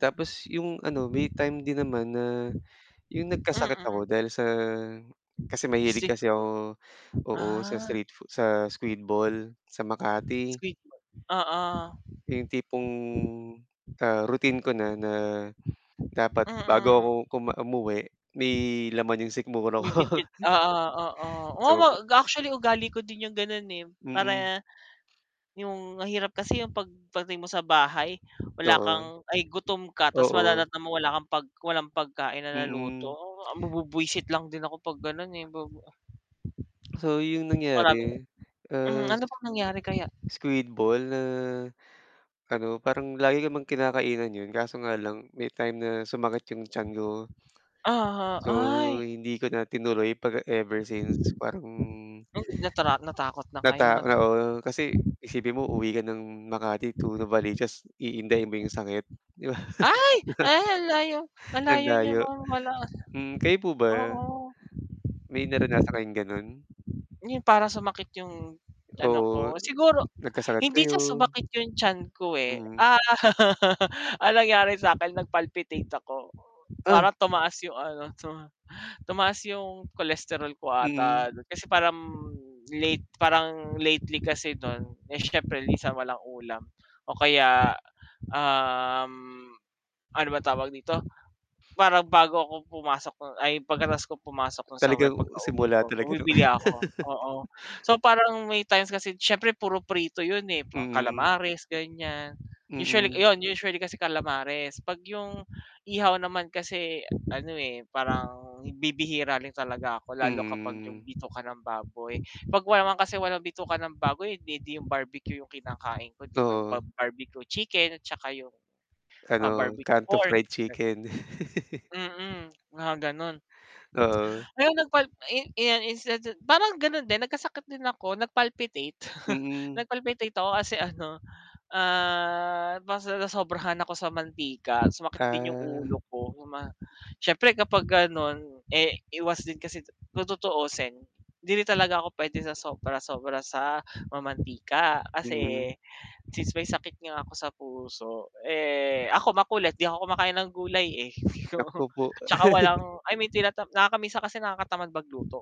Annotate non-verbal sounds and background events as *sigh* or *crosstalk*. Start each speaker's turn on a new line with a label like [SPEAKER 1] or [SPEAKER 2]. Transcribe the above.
[SPEAKER 1] Tapos yung ano may time din naman na yung nagkasakit ako
[SPEAKER 2] Mm.
[SPEAKER 1] dahil sa, kasi mahilig kasi
[SPEAKER 2] Siguro.
[SPEAKER 1] ako oo, sa
[SPEAKER 2] Ah.
[SPEAKER 1] street foo sa squid ball sa Makati.
[SPEAKER 2] *unintelligible* oo.
[SPEAKER 1] Yung tipong, ah, routine ko na, na dapat bago ako
[SPEAKER 2] Mm.
[SPEAKER 1] kuma umuwi, may laman yung sikmura
[SPEAKER 2] May
[SPEAKER 1] ko.
[SPEAKER 2] bitbit oo, oo, oo,
[SPEAKER 1] So
[SPEAKER 2] actually ugali ko din yung ganun eh,
[SPEAKER 1] Mm.
[SPEAKER 2] para, yung mahirap kasi yung pag dating mo sa bahay wala
[SPEAKER 1] Oo.
[SPEAKER 2] kang ay gutom ka tas
[SPEAKER 1] Oo.
[SPEAKER 2] madadatnan mo wala kang pag walang pagkain na naluto,
[SPEAKER 1] Mm.
[SPEAKER 2] ma mabwibwisit lang din ako pag ganon eh *unintelligible*
[SPEAKER 1] So yung
[SPEAKER 2] Marami
[SPEAKER 1] nangyari,
[SPEAKER 2] hmm
[SPEAKER 1] as
[SPEAKER 2] ano bang nangyari kaya?
[SPEAKER 1] Squid ball na, ano, parang lagi namang kinakainan yun, kaso nga lang may time na sumakit yung tiyan ko.
[SPEAKER 2] Uh-huh,
[SPEAKER 1] So,
[SPEAKER 2] ay.
[SPEAKER 1] hindi ko na tinuloy pag ever since parang
[SPEAKER 2] Natra natakot na
[SPEAKER 1] Nata
[SPEAKER 2] kayo na
[SPEAKER 1] oo. Kasi, isipin mo uuwi ka ng Makati to Novaliches iindayin mo yung sakit, 'di ba?
[SPEAKER 2] Ay! ay ang layo,
[SPEAKER 1] Ang
[SPEAKER 2] malayo niyo
[SPEAKER 1] layo.
[SPEAKER 2] *unintelligible*
[SPEAKER 1] Hmm, kayo po ba?
[SPEAKER 2] Oo.
[SPEAKER 1] May naranasan kayong ganon?
[SPEAKER 2] Yun para sumakit yung ano
[SPEAKER 1] Oo.
[SPEAKER 2] ko, siguro
[SPEAKER 1] Nagkasakit
[SPEAKER 2] hindi
[SPEAKER 1] kayo.
[SPEAKER 2] sa sumakit yung tiyan ko eh.
[SPEAKER 1] Mm.
[SPEAKER 2] *laughs* Ang nangyari sakin nag palpitate ako.
[SPEAKER 1] Ah!
[SPEAKER 2] Parang tumaas yung ano, tuma tumaas yung cholesterol ko ata
[SPEAKER 1] Mm.
[SPEAKER 2] nun, kasi parang late parang lately kasi dun, eh syempre minsan walang ulam o kaya, um, ano ba tawag dito, parang bago ako pumasok ay pagkatapos kong pumasok sa work
[SPEAKER 1] Talagang
[SPEAKER 2] pagkauwi
[SPEAKER 1] simula
[SPEAKER 2] ko
[SPEAKER 1] talaga no.
[SPEAKER 2] bumibili
[SPEAKER 1] *laughs*
[SPEAKER 2] ako, oo. So parang may times kasi siyempre puro prito 'yon eh,
[SPEAKER 1] Mm.
[SPEAKER 2] calamares ganyan. Usually
[SPEAKER 1] Mm.
[SPEAKER 2] 'yon, usually kasi calamares 'pag 'yong ihaw naman kasi ano eh parang bibihira lang talaga ako lalo kapag 'yong
[SPEAKER 1] Mm.
[SPEAKER 2] bituka ng baboy. 'Pag wala naman kasi walang bituka ka ng baboy, eh 'di 'yong barbecue 'yong kinakain ko 'di ba 'yong
[SPEAKER 1] Oo.
[SPEAKER 2] bab barbecue chicken at saka 'yong, ah,
[SPEAKER 1] Ano,
[SPEAKER 2] barbecue
[SPEAKER 1] kanto
[SPEAKER 2] pork,
[SPEAKER 1] fried
[SPEAKER 2] ganun.
[SPEAKER 1] chicken. *chuckles*
[SPEAKER 2] Mm, mga gano'n.
[SPEAKER 1] Oo.
[SPEAKER 2] Ay nagpalp eh eh *unintelligible* parang ganon din nagkasakit din ako, nag-palpitate, *chuckles*
[SPEAKER 1] Mm.
[SPEAKER 2] nag-palpitate ako kasi ano, ah, parang nasobrahan ako sa mantika sumakit din yung
[SPEAKER 1] Ah.
[SPEAKER 2] ulo ko uma syempre kapag ganon, eh iwas din kasi kung tutuusin hindi rin talaga ako pwede sa sobra-sobra sa mantika
[SPEAKER 1] Mm.
[SPEAKER 2] kasi, since may sakit nga ako sa puso, eh ako makulit 'di ako kumakain ng gulay eh, oo,
[SPEAKER 1] Nako po.
[SPEAKER 2] tsaka walang
[SPEAKER 1] *chuckles*
[SPEAKER 2] i mean tinatama nakaka minsan kasi nakakatamad mag luto.